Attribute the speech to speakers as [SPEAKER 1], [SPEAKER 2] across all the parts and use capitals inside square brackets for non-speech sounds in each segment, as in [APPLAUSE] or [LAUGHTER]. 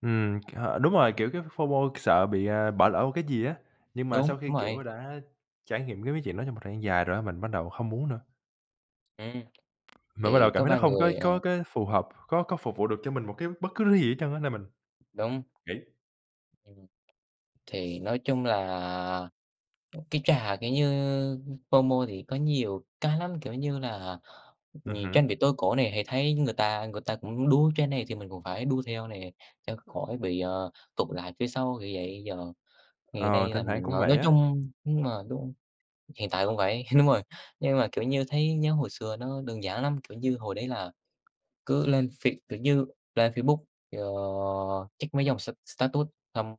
[SPEAKER 1] Ừm, h đúng rồi,
[SPEAKER 2] Ừm.
[SPEAKER 1] kiểu cái FOMO sợ bị, à, bỏ lỡ một cái gì á, nhưng mà
[SPEAKER 2] Đúng,
[SPEAKER 1] sau khi,
[SPEAKER 2] đúng rồi.
[SPEAKER 1] kiểu, đã trải nghiệm cái mấy chuyện đó trong một thời gian dài rồi á, mình bắt đầu hông muốn nữa.
[SPEAKER 2] Ừm,
[SPEAKER 1] Mà bắt đầu
[SPEAKER 2] thì
[SPEAKER 1] cảm
[SPEAKER 2] có
[SPEAKER 1] thấy nó
[SPEAKER 2] vài
[SPEAKER 1] hông cái
[SPEAKER 2] người, à
[SPEAKER 1] có cái phù hợp, có có phục vụ được cho mình một cái bất cứ thứ gì hết trơn á, nên mình
[SPEAKER 2] Đúng.
[SPEAKER 1] nghỉ.
[SPEAKER 2] Ừm, thì nói chung là, ừm, cái trò, kiểu như, FOMO thì có nhiều cái lắm, kiểu như là nh
[SPEAKER 1] Ừm
[SPEAKER 2] canh
[SPEAKER 1] hửm?
[SPEAKER 2] bị tối cổ nè, hay thấy người ta người ta cũng đu trend này thì mình cũng phải đu theo nè, cho khỏi bị, ờ, tụt lại phía sau, kiểu vậy. Giờ ngày
[SPEAKER 1] Ờ,
[SPEAKER 2] nay
[SPEAKER 1] thỉnh
[SPEAKER 2] là
[SPEAKER 1] thoảng
[SPEAKER 2] mình, à,
[SPEAKER 1] cũng vậy
[SPEAKER 2] nói
[SPEAKER 1] á.
[SPEAKER 2] chung đúng rồi, đúng, hiện tại vẫn vậy, đúng rồi. Nhưng mà, kiểu như, thấy nhớ hồi xưa nó đơn giản lắm, kiểu như, hồi đấy là cứ lên Face kiểu như, lên Facebook, ờ, check mấy dòng s status xong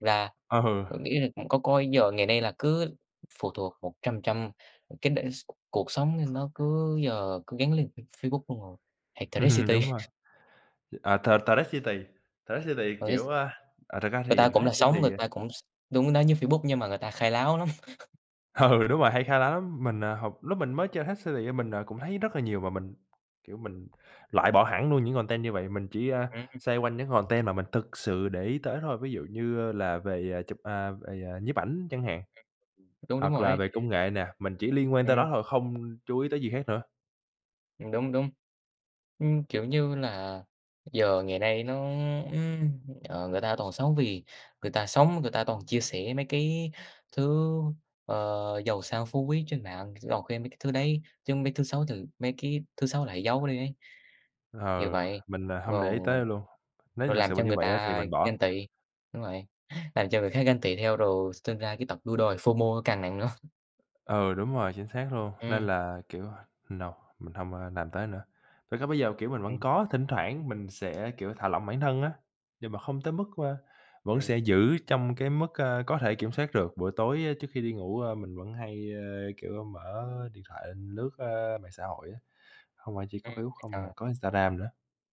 [SPEAKER 2] la
[SPEAKER 1] Ừ.
[SPEAKER 2] có nghĩa rằng cũng có coi, giờ ngày nay là cứ phụ thuộc 100%, cái đ s cuộc sống nó cứ giờ cứ gắn liền với Facebook luôn rồi, hoặc Threads
[SPEAKER 1] [LAUGHS]
[SPEAKER 2] city.
[SPEAKER 1] Đúng rồi.
[SPEAKER 2] [CHUCKLES]
[SPEAKER 1] À, th Threads city, Threads city,
[SPEAKER 2] Threads.
[SPEAKER 1] kiểu, a à, thật ra
[SPEAKER 2] Người
[SPEAKER 1] thì
[SPEAKER 2] ta cũng là
[SPEAKER 1] Threads city
[SPEAKER 2] sống, người
[SPEAKER 1] à
[SPEAKER 2] ta cũng s đúng, nó như Facebook nhưng mà người ta khai láo lắm. [LAUGHS]
[SPEAKER 1] Ừ, đúng rồi, mà hay khá lắm, mình, à, học lúc mình mới chơi Threads city, á, mình, à, cũng thấy rất là nhiều mà mình, kiểu, mình loại bỏ hẳn luôn những content như vậy. Mình chỉ, a,
[SPEAKER 2] [UNINTELLIGIBLE]
[SPEAKER 1] xoay quanh những content mà mình thực sự để ý tới thôi, ví dụ như là về chụp à, về nhiếp ảnh chẳng hạn,
[SPEAKER 2] Đúng, đúng
[SPEAKER 1] hoặc
[SPEAKER 2] rồi
[SPEAKER 1] là
[SPEAKER 2] ấy.
[SPEAKER 1] về công nghệ nè, mình chỉ liên quan tới
[SPEAKER 2] Ừm.
[SPEAKER 1] đó thôi, không chú ý tới gì khác nữa.
[SPEAKER 2] Ừm, đúng, đúng. Ưm, kiểu như là, giờ ngày nay nó, ưm, ờ, người ta toàn sống vì người ta sống, người ta toàn chia sẻ mấy cái thứ, ờ, giàu sang phú quý trên mạng, toàn khen mấy cái thứ đấy, chứ mấy thứ xấu từ mấy cái thứ xấu lại giấu đi ấy. Nhiều
[SPEAKER 1] Ờ,
[SPEAKER 2] vậy,
[SPEAKER 1] mình, ờ, hông để ý
[SPEAKER 2] ồ,
[SPEAKER 1] tới luôn, nếu
[SPEAKER 2] rồi
[SPEAKER 1] thực
[SPEAKER 2] làm
[SPEAKER 1] sự là
[SPEAKER 2] cho
[SPEAKER 1] như
[SPEAKER 2] người
[SPEAKER 1] vậy á thì
[SPEAKER 2] ta
[SPEAKER 1] mình bỏ.
[SPEAKER 2] ganh tị đúng vậy. Làm cho người khác ganh tị theo rồi sinh ra cái tật đua đòi FOMO nó càng nặng nữa.
[SPEAKER 1] Ừ, đúng rồi, chính xác luôn, nên
[SPEAKER 2] Ừm.
[SPEAKER 1] là, kiểu, no, mình hông, ơ, làm tới nữa. Thực ra bây giờ, kiểu, mình vẫn
[SPEAKER 2] Ừm.
[SPEAKER 1] có, thỉnh thoảng mình sẽ, kiểu, thả lỏng bản thân á, nhưng mà không tới mức, ơ vẫn sẽ
[SPEAKER 2] Ừm.
[SPEAKER 1] giữ trong cái mức, ơ, có thể kiểm soát được. Buổi tối, ơ, trước khi đi ngủ, a, mình vẫn hay, a, kiểu, mở điện thoại lướt, ơ, mạng xã hội á, hông phải chỉ có
[SPEAKER 2] Ừm,
[SPEAKER 1] Facebook không mà
[SPEAKER 2] ờ.
[SPEAKER 1] có Instagram nữa.